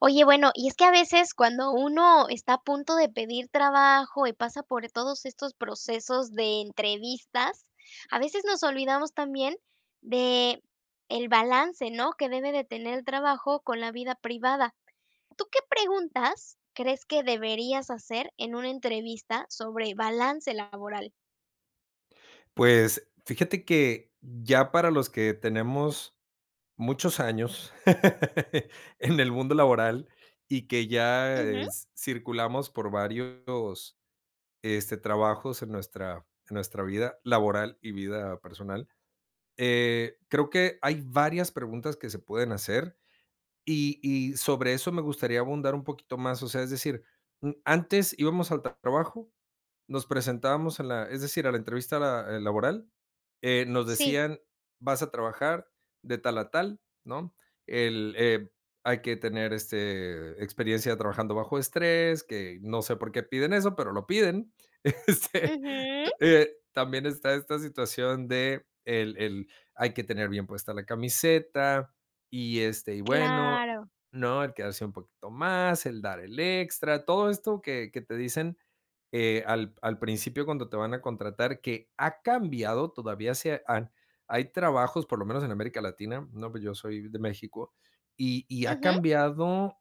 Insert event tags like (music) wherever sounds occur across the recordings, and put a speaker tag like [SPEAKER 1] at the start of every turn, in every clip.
[SPEAKER 1] Oye, bueno, y es que a veces cuando uno está a punto de pedir trabajo y pasa por todos estos procesos de entrevistas, a veces nos olvidamos también de, el balance, ¿no? Que debe de tener el trabajo con la vida privada. ¿Tú qué preguntas crees que deberías hacer en una entrevista sobre balance laboral?
[SPEAKER 2] Pues fíjate que ya para los que tenemos, muchos años (laughs) en el mundo laboral y que ya eh,
[SPEAKER 1] Ujú.
[SPEAKER 2] s circulamos por varios, este, trabajos en nuestra en nuestra vida laboral y vida personal, eh, creo que hay varias preguntas que se pueden hacer y y sobre eso me gustaría abundar un poquito más, o sea, es decir, n antes íbamos al t trabajo, nos presentábamos en la es decir, a la entrevista la eh, laboral, eh, nos
[SPEAKER 1] Sí.
[SPEAKER 2] decían: "Vas a trabajar de tal a tal, ¿no? El eh, hay que tener este, experiencia trabajando bajo estrés". Que, no sé por qué piden eso, pero lo piden este, t
[SPEAKER 1] Ujú.
[SPEAKER 2] eh, también está esta situación de, el el hay que tener bien puesta la camiseta y, este, y bueno,
[SPEAKER 1] Claro.
[SPEAKER 2] ¿no? El quedarse un poquito más, el dar el extra. Todo esto que que te dicen, eh, al p al principio cuando te van a contratar, que ha cambiado, todavía se han hay trabajos, por lo menos en América Latina, ¿no? Pues yo soy de México, y y ha
[SPEAKER 1] Ujú.
[SPEAKER 2] cambiado,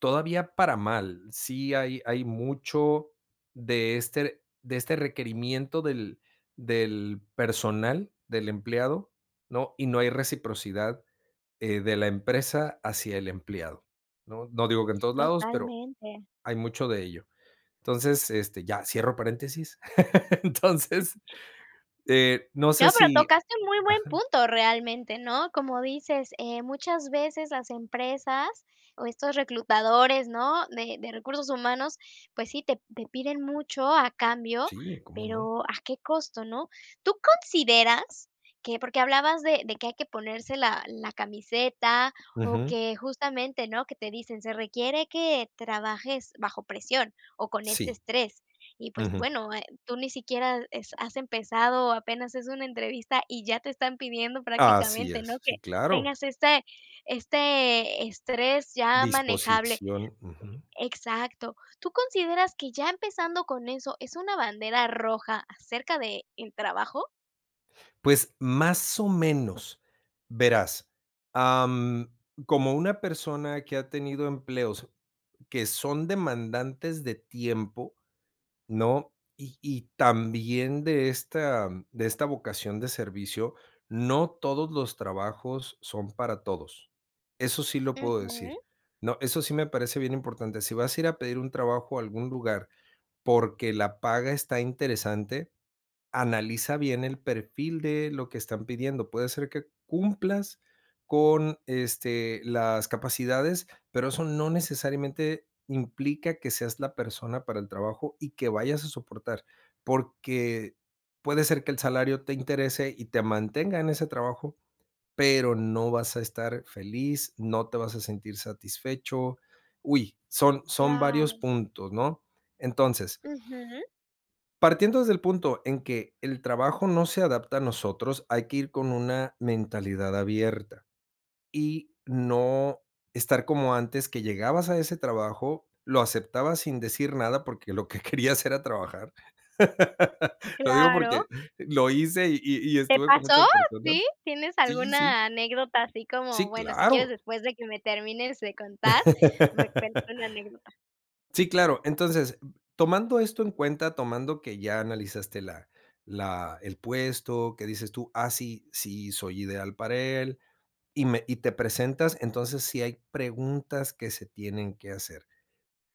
[SPEAKER 2] todavía para mal. Sí hay hay mucho de este de este requerimiento del, del personal del empleado, ¿no? Y no hay reciprocidad, eh, de la empresa hacia el empleado, ¿no? No digo que en todos lados, pero
[SPEAKER 1] Totalmente.
[SPEAKER 2] hay mucho de ello. Entonces, este, ya cierro paréntesis. (laughs) Entonces, eh, no sé
[SPEAKER 1] No, pero
[SPEAKER 2] sí
[SPEAKER 1] tocaste un muy buen
[SPEAKER 2] Ajá.
[SPEAKER 1] punto realmente, ¿no? Como dices, eh, muchas veces las empresas o estos reclutadores, ¿no? De de recursos humanos, pues sí, te te piden mucho a cambio,
[SPEAKER 2] Sí, ¿cómo no?
[SPEAKER 1] pero a qué costo, ¿no? ¿Tú consideras que? Porque hablabas de de que hay que ponerse la la camiseta o
[SPEAKER 2] Ujú.
[SPEAKER 1] que justamente, ¿no? Que te dicen: "Se requiere que trabajes bajo presión o con este
[SPEAKER 2] Sí.
[SPEAKER 1] estrés". Y, pues,
[SPEAKER 2] Ujú.
[SPEAKER 1] bueno, eh, tú ni siquiera es has empezado apenas es una entrevista y ya te están pidiendo
[SPEAKER 2] Así
[SPEAKER 1] prácticamente, ¿no?
[SPEAKER 2] es,
[SPEAKER 1] Que
[SPEAKER 2] sí, claro.
[SPEAKER 1] tengas este, este estrés ya manejable,
[SPEAKER 2] Disposición, ujú.
[SPEAKER 1] exacto. ¿Tú consideras que ya empezando con eso es una bandera roja acerca de, el trabajo?
[SPEAKER 2] Pues más o menos, verás. Am, como una persona que ha tenido empleos, que son demandantes de tiempo, ¿no? Y y también de esta de esta vocación de servicio, no todos los trabajos son para todos. Eso sí lo puedo
[SPEAKER 1] Ujú.
[SPEAKER 2] decir, ¿no? Eso sí me parece bien importante. Si vas a ir a pedir un trabajo a algún lugar porque la paga está interesante, analiza bien el perfil de lo que están pidiendo. Puede ser que cumplas con, este, las capacidades, pero eso no necesariamente implica que seas la persona para el trabajo y que vayas a soportar, porque puede ser que el salario te interese y te mantenga en ese trabajo, pero no vas a estar feliz, no te vas a sentir satisfecho. Uy, son son varios
[SPEAKER 1] Claro.
[SPEAKER 2] puntos, ¿no? Entonces
[SPEAKER 1] Ujú.
[SPEAKER 2] partiendo desde el punto en que el trabajo no se adapta a nosotros, hay que ir con una mentalidad abierta. Y no estar como antes que llegabas a ese trabajo, lo aceptabas sin decir nada porque lo que querías era trabajar. (laughs) Lo digo
[SPEAKER 1] Claro.
[SPEAKER 2] porque lo hice y y
[SPEAKER 1] ¿Te
[SPEAKER 2] estuve con
[SPEAKER 1] pasó?
[SPEAKER 2] muchas
[SPEAKER 1] ¿Sí?
[SPEAKER 2] personas.
[SPEAKER 1] ¿Tienes
[SPEAKER 2] Sí, sí
[SPEAKER 1] alguna anécdota así como?
[SPEAKER 2] sí,
[SPEAKER 1] Bueno, si quieres
[SPEAKER 2] claro.
[SPEAKER 1] después de que me termines de contar, me cuenta
[SPEAKER 2] (laughs)
[SPEAKER 1] la anécdota.
[SPEAKER 2] Sí, claro. Entonces, tomando esto en cuenta. Tomando que ya analizaste la la el puesto, que dices tú: "Ah, sí. Sí soy ideal para él", y me y te presentas, entonces, sí hay preguntas que se tienen que hacer.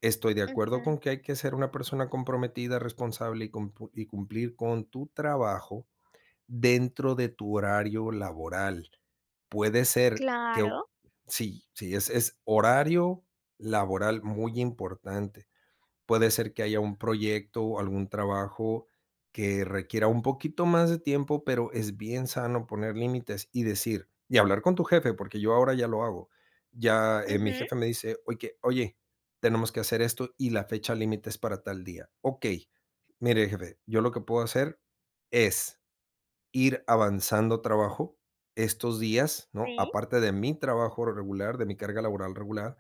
[SPEAKER 2] Estoy de acuerdo
[SPEAKER 1] Ujú.
[SPEAKER 2] con que hay que ser una persona comprometida, responsable y cump y cumplir con tu trabajo dentro de tu horario laboral. Puede ser que o
[SPEAKER 1] Claro.
[SPEAKER 2] sí. Sí sí, es horario laboral muy importante. Puede ser que haya un proyecto o algún trabajo que requiera un poquito más de tiempo, pero es bien sano poner límites y decir, y hablar con tu jefe, porque yo ahora ya lo hago, ya, eh, mi
[SPEAKER 1] Ujú.
[SPEAKER 2] jefe me dice: "Oye oye, tenemos que hacer esto y la fecha límite es para tal día", "Okey, mire jefe, yo lo que puedo hacer es, ir avanzando trabajo estos días, ¿no?
[SPEAKER 1] Sí.
[SPEAKER 2] Aparte de mi trabajo regular, de mi carga laboral regular,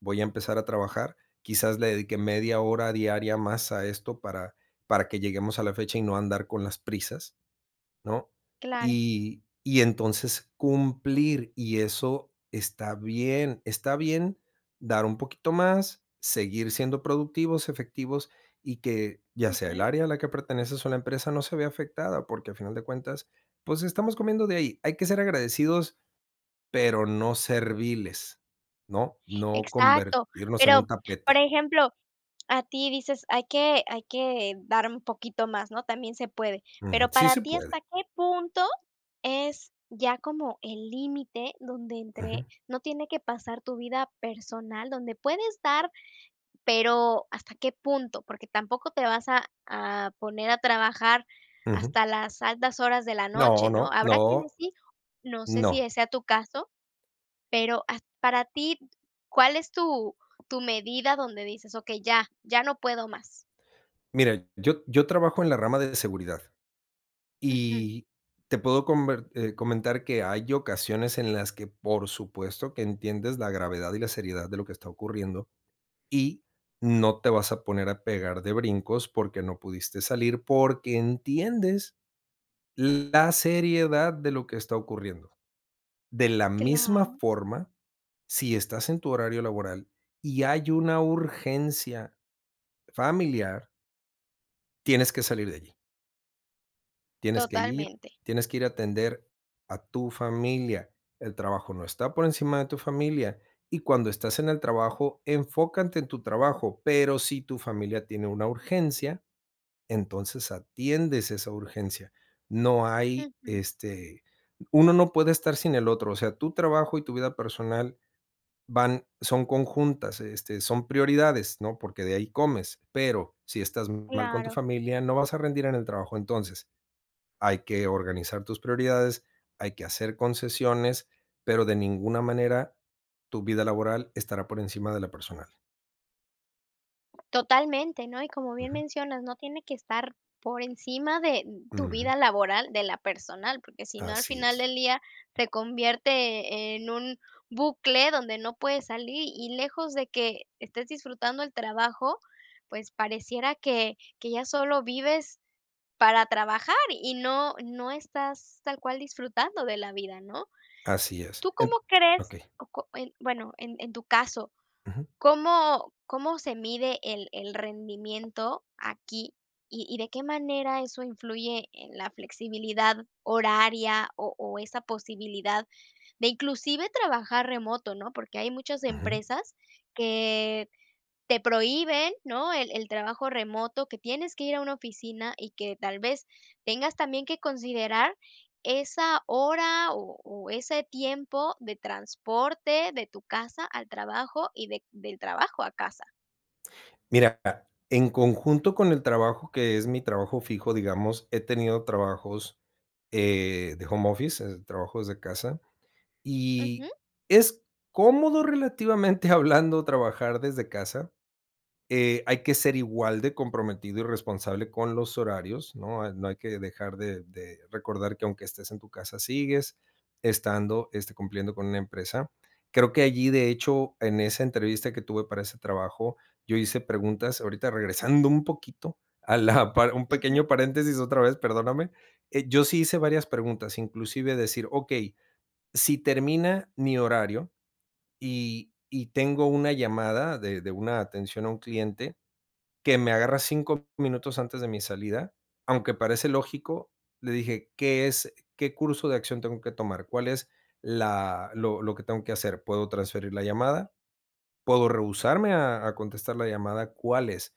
[SPEAKER 2] voy a empezar a trabajar, quizás le dedique media hora diaria más a esto para para que lleguemos a la fecha y no andar con las prisas, ¿no?
[SPEAKER 1] Claro.
[SPEAKER 2] Y y entonces cumplir", y eso está bien, está bien dar un poquito más, seguir siendo productivos, efectivos y que ya sea el
[SPEAKER 1] Ujú.
[SPEAKER 2] área a la que perteneces o la empresa no se vea afectada, porque a final de cuentas, pues estamos comiendo de ahí. Hay que ser agradecidos, pero no serviles, ¿no? No
[SPEAKER 1] Exacto.
[SPEAKER 2] convertirnos en un
[SPEAKER 1] Pero, por
[SPEAKER 2] tapete.
[SPEAKER 1] ejemplo, a ti dices: "Hay que hay que dar un poquito más", ¿no? También se puede.
[SPEAKER 2] Ujú,
[SPEAKER 1] Pero
[SPEAKER 2] sí
[SPEAKER 1] para
[SPEAKER 2] se
[SPEAKER 1] ti,
[SPEAKER 2] puede.
[SPEAKER 1] ¿hasta qué punto es ya como el límite donde entre,
[SPEAKER 2] Ujú.
[SPEAKER 1] no tiene que pasar tu vida personal, donde puedes dar, pero hasta qué punto? Porque tampoco te vas a a poner a trabajar
[SPEAKER 2] Ujú.
[SPEAKER 1] hasta las altas horas de la
[SPEAKER 2] No,
[SPEAKER 1] noche, ¿no?
[SPEAKER 2] no, no,
[SPEAKER 1] Habrá quienes sí, no sé
[SPEAKER 2] no.
[SPEAKER 1] si, eh, sea tu caso, pero at para ti. ¿Cuál es tu tu medida donde dices: "Okey, ya. Ya no puedo más?"
[SPEAKER 2] Mira, yo yo trabajo en la rama d de seguridad.
[SPEAKER 1] Ujú.
[SPEAKER 2] Y te puedo comber, eh, comentar que hay ocasiones en las que, por supuesto, que entiendes la gravedad y la seriedad de lo que está ocurriendo y no te vas a poner a pegar de brincos porque no pudiste salir porque entiendes la seriedad de lo que está ocurriendo. De la misma
[SPEAKER 1] Claro.
[SPEAKER 2] forma, si estás en tu horario laboral y hay una urgencia familiar tienes que salir de allí. Tienes que ir.
[SPEAKER 1] Totalmente.
[SPEAKER 2] Tienes que ir a atender a tu familia. El trabajo no está por encima de tu familia. Y cuando estás en el trabajo, enfócate en tu trabajo, pero si tu familia tiene una urgencia, entonces atiendes esa urgencia. No hay,
[SPEAKER 1] Ujú.
[SPEAKER 2] este, uno no puede estar sin el otro, o sea, tu trabajo y tu vida personal van son conjuntas, este, son prioridades, ¿no? Porque de ahí comes, pero si estás mal con tu
[SPEAKER 1] Claro.
[SPEAKER 2] familia, no vas a rendir en el trabajo. Entonces, hay que organizar tus prioridades, hay que hacer concesiones, pero de ninguna manera tu vida laboral estará por encima de la personal.
[SPEAKER 1] Totalmente, ¿no? Y como bien
[SPEAKER 2] Ujú.
[SPEAKER 1] mencionas, no tiene que estar por encima de tu vida
[SPEAKER 2] Ujú.
[SPEAKER 1] laboral, de la personal, porque si no al
[SPEAKER 2] Así
[SPEAKER 1] final
[SPEAKER 2] es.
[SPEAKER 1] del día, te convierte en un bucle donde no puedes salir, y lejos de que estés disfrutando el trabajo, pues, pareciera que que ya sólo vives para trabajar, y no no estás tal cual disfrutando de la vida, ¿no?
[SPEAKER 2] Así es.
[SPEAKER 1] ¿Tú
[SPEAKER 2] En
[SPEAKER 1] cómo crees?
[SPEAKER 2] okey.
[SPEAKER 1] O có eh, bueno, en en tu caso,
[SPEAKER 2] Ujú.
[SPEAKER 1] ¿cómo cómo se mide el el rendimiento aquí, y y de qué manera eso influye en la flexibilidad horaria, o o esa posibilidad de inclusive, trabajar remoto, no? Porque hay muchas
[SPEAKER 2] Ujú.
[SPEAKER 1] empresas que te prohíben, ¿no? El el trabajo remoto, que tienes que ir a una oficina y que tal vez tengas también que considerar esa hora o o ese tiempo de transporte de tu casa al trabajo y de del trabajo a casa.
[SPEAKER 2] Mira, ah, en conjunto con el trabajo, que es mi trabajo fijo, digamos, he tenido trabajos, eh, de home office, es, trabajo desde casa,
[SPEAKER 1] Ujú.
[SPEAKER 2] y es cómodo relativamente hablando trabajar desde casa. Eh, hay que ser igual de comprometido y responsable con los horarios, ¿no? No hay que dejar de de recordar que aunque estés en tu casa sigues estando, este, cumpliendo con una empresa. Creo que allí, de hecho, en esa entrevista que tuve para ese trabajo yo hice preguntas, ahorita regresando un poquito a la un pequeño
[SPEAKER 1] Ujú.
[SPEAKER 2] paréntesis otra vez, perdóname. Eh, yo sí hice varias preguntas, inclusive decir: "Okey, si termina mi horario y y tengo una llamada de de una atención a un cliente que me agarra 5 minutos antes de mi salida". Aunque parece lógico, le dije: "¿Qué es? ¿Qué curso de acción tengo que tomar? ¿Cuál es la lo lo que tengo que hacer? ¿Puedo transferir la llamada? ¿Puedo rehusarme a a contestar la llamada? ¿Cuál es?".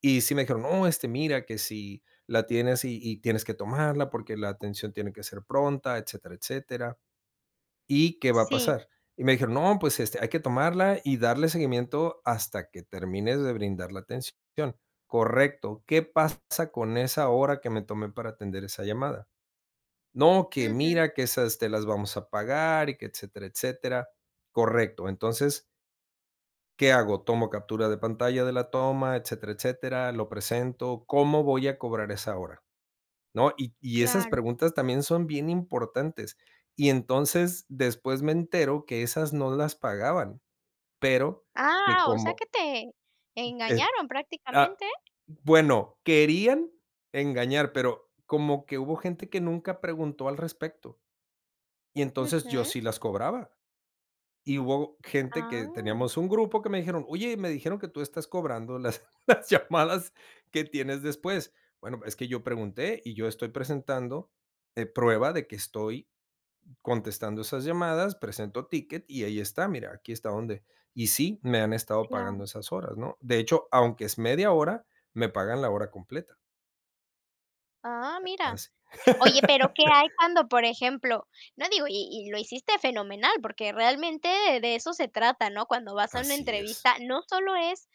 [SPEAKER 2] Y sí me dijeron: No, este, mira que si la tienes y y tienes que tomarla porque la atención tiene que ser pronta." Etcétera, etcétera. "¿Y qué va a
[SPEAKER 1] Si.
[SPEAKER 2] pasar?". Y me dijeron: "No, pues este, hay que tomarla y darle seguimiento hasta que termines de brindar la atención. 'Correcto. ¿Qué pasa con esa hora que me tomé para atender esa llamada?' No, que
[SPEAKER 1] Ujú.
[SPEAKER 2] mira que esas te las vamos a pagar". Y que etcétera, etcétera. Correcto, entonces "¿qué hago? ¿Tomo captura de pantalla de la toma, etcétera, etcétera? ¿Lo presento? ¿Cómo voy a cobrar esa hora, no?". Y y esas
[SPEAKER 1] Claro.
[SPEAKER 2] preguntas también son bien importantes. Y entonces después me entero que, esas no las pagaban, pero que
[SPEAKER 1] Ah, o sea que
[SPEAKER 2] como
[SPEAKER 1] te,
[SPEAKER 2] y ep
[SPEAKER 1] engañaron
[SPEAKER 2] ah
[SPEAKER 1] prácticamente.
[SPEAKER 2] bueno, querían engañar, pero, como que hubo gente que nunca preguntó al respecto. Y entonces yo
[SPEAKER 1] Ujú.
[SPEAKER 2] sí las cobraba. Y hubo gente que,
[SPEAKER 1] Ah.
[SPEAKER 2] teníamos un grupo que me dijeron: "Oye, me dijeron que tú estás cobrando las, las llamadas que tienes después". "Bueno, es que yo pregunté y yo estoy presentando, eh prueba de que estoy contestando esas llamadas, presento ticket y ahí está, mira, aquí está donde y sí me han estado pagando
[SPEAKER 1] Claro.
[SPEAKER 2] esas horas, ¿no? De hecho, aunque es media hora, me pagan la hora completa".
[SPEAKER 1] Ah,
[SPEAKER 2] A
[SPEAKER 1] mira.
[SPEAKER 2] as
[SPEAKER 1] Oye,
[SPEAKER 2] (laughs)
[SPEAKER 1] pero, ¿qué hay cuando, por ejemplo? No digo, y y lo hiciste fenomenal, porque realmente de de eso se trata, ¿no? Cuando vas a una
[SPEAKER 2] Así es.
[SPEAKER 1] entrevista, no sólo es: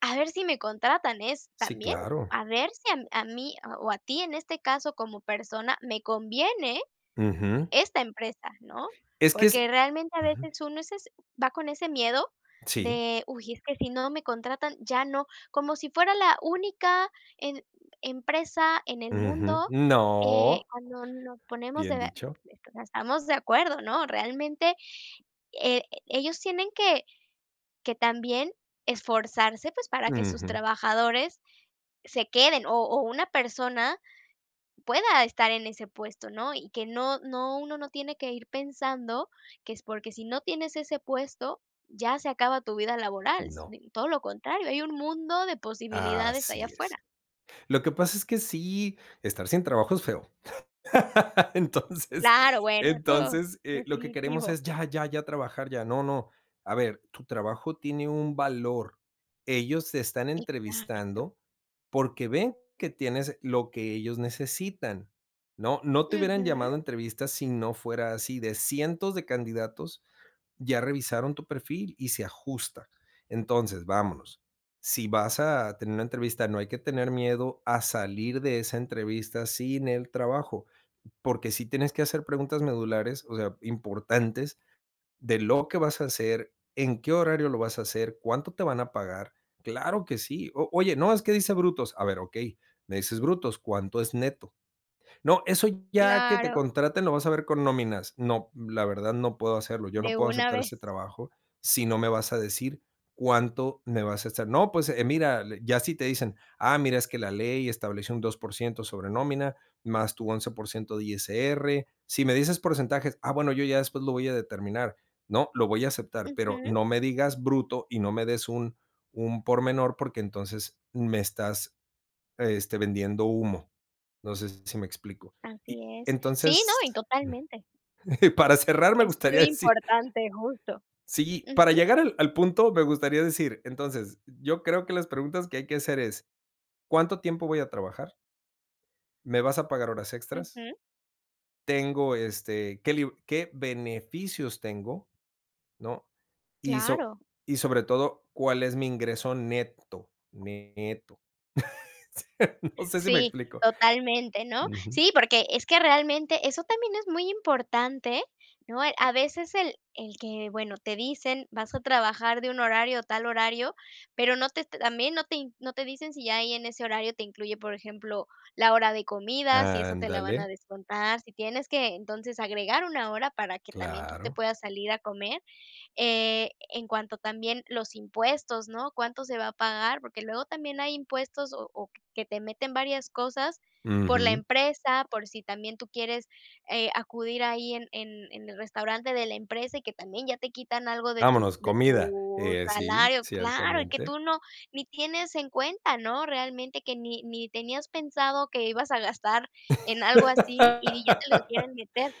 [SPEAKER 1] "A ver si me contratan", es
[SPEAKER 2] Sí,
[SPEAKER 1] también,
[SPEAKER 2] claro.
[SPEAKER 1] a ver si a a mí, o a ti, en este caso como persona me conviene
[SPEAKER 2] Ujú.
[SPEAKER 1] esta empresa, ¿no?
[SPEAKER 2] Es que es
[SPEAKER 1] Porque realmente a
[SPEAKER 2] ujú.
[SPEAKER 1] veces uno es es va con ese miedo
[SPEAKER 2] Sí.
[SPEAKER 1] de: "Uy es que si no me contratan, ya no", como si fuera la única, em empresa en el
[SPEAKER 2] Ujú,
[SPEAKER 1] mundo, eh,
[SPEAKER 2] no.
[SPEAKER 1] cuando nos ponemos de,
[SPEAKER 2] Bien dicho.
[SPEAKER 1] (unintelligible) O sea, estamos de acuerdo, ¿no? Realmente, eh, ellos tienen que, que también esforzarse, pues, para que sus
[SPEAKER 2] Ujú.
[SPEAKER 1] trabajadores se queden, o o una persona, pueda estar en ese puesto, ¿no? Y que no no uno no tiene que ir pensando que es porque si no tienes ese puesto, ya se acaba tu vida laboral,
[SPEAKER 2] No.
[SPEAKER 1] si todo lo contrario, hay un mundo de posibilidades ahí
[SPEAKER 2] Así es.
[SPEAKER 1] afuera.
[SPEAKER 2] Lo que pasa es que sí, estar sin trabajo es feo. (laughs) Entonces,
[SPEAKER 1] Claro, bueno. Eso
[SPEAKER 2] entonces, eh lo que queremos
[SPEAKER 1] definitivo.
[SPEAKER 2] es: "Ya, ya, ya trabajar ya". No, no, a ver, tu trabajo tiene un valor. Ellos te están
[SPEAKER 1] Exacto.
[SPEAKER 2] entrevistando, porque ven que tienes lo que ellos necesitan, ¿no? No te hubieran
[SPEAKER 1] Ujú.
[SPEAKER 2] llamado a entrevista si no fuera así de cientos de candidatos, ya revisaron tu perfil y se ajusta. Entonces, vámonos, si vas a tener una entrevista, no hay que tener miedo a salir de esa entrevista sin el trabajo. Porque sí tienes que hacer preguntas medulares, o sea, importantes de lo que vas a hacer, en qué horario lo vas a hacer, cuánto te van a pagar. Claro que sí. O oye: "No, es que dice brutos". A ver: "Okey, me dices brutos, ¿cuánto es neto?" "No, eso ya que te
[SPEAKER 1] Claro.
[SPEAKER 2] contraten lo vas a ver con nóminas", "No, la verdad no puedo hacerlo. Yo no
[SPEAKER 1] De
[SPEAKER 2] puedo
[SPEAKER 1] una
[SPEAKER 2] aceptar
[SPEAKER 1] vez.
[SPEAKER 2] este trabajo si no me vas a decir cuánto me vas a estar", "No, pues, eh, mira el", ya si te dicen: "Ah, mira, es que la ley establece un 2% sobre nómina más tu 11% de ISR", "Si me dices porcentajes, ah, bueno, yo ya después lo voy a determinar", ¿no?, "Lo voy a aceptar, pero
[SPEAKER 1] Ujú.
[SPEAKER 2] no me digas bruto y no me des un un por menor, porque entonces, me estás, este, vendiendo humo". Entonces, no sé si me explico.
[SPEAKER 1] Así
[SPEAKER 2] Y
[SPEAKER 1] es. Sí, no, y
[SPEAKER 2] entonces mm,
[SPEAKER 1] totalmente.
[SPEAKER 2] para cerrar me
[SPEAKER 1] Es
[SPEAKER 2] gustaría
[SPEAKER 1] muy
[SPEAKER 2] decir
[SPEAKER 1] importante, justo.
[SPEAKER 2] sí, para
[SPEAKER 1] Ujú.
[SPEAKER 2] llegar al al punto me gustaría decir, entonces, yo creo que las preguntas que hay que hacer es, ¿cuánto tiempo voy a trabajar? ¿Me vas a pagar horas extras?
[SPEAKER 1] Ujú.
[SPEAKER 2] ¿Tengo, este qué lib qué beneficios tengo?, ¿no? Y so
[SPEAKER 1] Claro.
[SPEAKER 2] y sobre todo, ¿cuál es mi ingreso neto? Neto. (laughs) Sí, no sé si me
[SPEAKER 1] Sí,
[SPEAKER 2] explico.
[SPEAKER 1] totalmente, ¿no?
[SPEAKER 2] Ujú.
[SPEAKER 1] Sí, porque es que realmente eso también es muy importante, ¿eh? ¿No? A veces el el que, bueno, te dicen: "Vas a trabajar de un horario, tal horario", pero no te también no te no te dicen si ya ahí en ese horario te incluye, por ejemplo, la hora de comida. Si eso te la van a
[SPEAKER 2] Ándale.
[SPEAKER 1] descontar. Si tienes que, entonces, agregar una hora para que también tú te
[SPEAKER 2] Claro.
[SPEAKER 1] puedas salir a comer. Eh, en cuanto también los impuestos, ¿no? ¿Cuánto se va a pagar? Porque luego también hay impuestos, o o que te meten varias cosas por la
[SPEAKER 2] Ujú.
[SPEAKER 1] empresa, por si también tú quieres, eh, acudir ahí en en en el restaurante de la empresa, y que también ya te quitan algo de tu
[SPEAKER 2] Vámonos,
[SPEAKER 1] de
[SPEAKER 2] comida.
[SPEAKER 1] tu
[SPEAKER 2] Eh, sí,
[SPEAKER 1] salario claro, y que
[SPEAKER 2] ciertamente.
[SPEAKER 1] tú no ni tienes en cuenta, ¿no? Realmente que ni ni tenías pensado que ibas a gastar en algo así, y di ya te lo
[SPEAKER 2] (laughs)
[SPEAKER 1] quieren meter.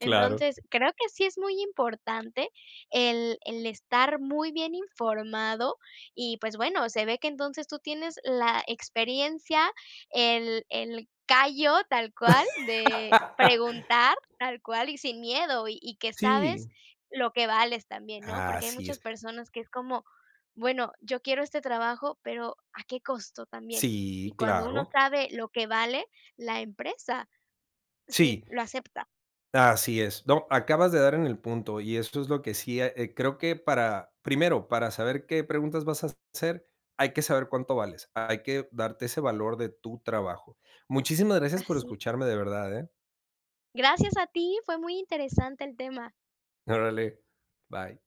[SPEAKER 2] Claro.
[SPEAKER 1] creo que sí es muy importante el el estar muy bien informado. Y, pues, bueno, se ve que entonces, tú tienes la experiencia, el el callo, tal cual, de
[SPEAKER 2] (laughs)
[SPEAKER 1] preguntar tal cual y sin miedo, y y que sabes
[SPEAKER 2] Sí.
[SPEAKER 1] lo que vales también, ¿no? Porque hay
[SPEAKER 2] Así
[SPEAKER 1] muchas
[SPEAKER 2] es.
[SPEAKER 1] personas que es como: "Bueno, yo quiero este trabajo", pero ¿a qué costo también? Y
[SPEAKER 2] Sí,
[SPEAKER 1] cuando uno
[SPEAKER 2] claro.
[SPEAKER 1] sabe lo que vale, la empresa sí
[SPEAKER 2] Sí.
[SPEAKER 1] lo acepta.
[SPEAKER 2] Así es. No, acabas de dar en el punto. Y esto es lo que sí eh, creo que para primero, para saber qué preguntas vas a hacer, hay que saber cuánto vales. Hay que darte ese valor de tu trabajo. Muchísimas gracias por
[SPEAKER 1] Así.
[SPEAKER 2] escucharme de verdad, ¿eh?
[SPEAKER 1] Gracias a ti, fue muy interesante el tema.
[SPEAKER 2] Órale, bye.